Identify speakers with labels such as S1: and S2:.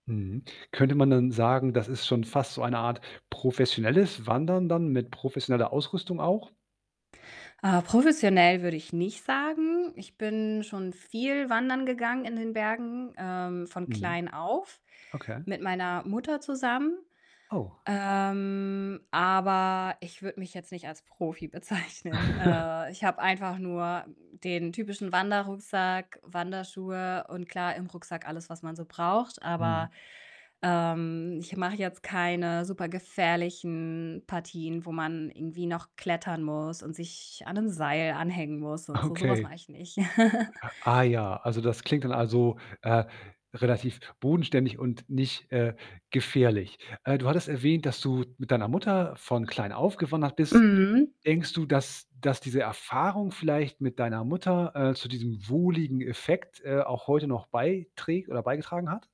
S1: Mhm. Könnte man denn sagen, das ist schon fast so eine Art professionelles Wandern dann mit professioneller Ausrüstung auch?
S2: Äh, professionell würde ich nicht sagen. Ich bin schon viel wandern gegangen in den Bergen, ähm, von
S1: Mhm.
S2: klein auf
S1: Okay.
S2: mit meiner Mutter zusammen.
S1: Oh.
S2: Ähm, aber ich würde mich jetzt nicht als Profi bezeichnen. Äh, ich habe einfach nur, hm, den typischen Wanderrucksack, Wanderschuhe und klar, im Rucksack alles, was man so braucht. Aber,
S1: Mhm.
S2: ähm, ich mache jetzt keine super gefährlichen Partien, wo man irgendwie noch klettern muss und sich an 'nen Seil anhängen muss und so. So was
S1: Okay.
S2: mache ich nicht.
S1: Ah ja, also, das klingt dann, also, äh, relativ bodenständig und nicht, äh, gefährlich. Äh, du hattest erwähnt, dass du mit deiner Mutter von klein auf gewandert bist.
S2: Mhm.
S1: Denkst du, dass dass diese Erfahrung vielleicht mit deiner Mutter, äh, zu diesem wohligen Effekt, äh, auch heute noch beiträgt oder beigetragen hat?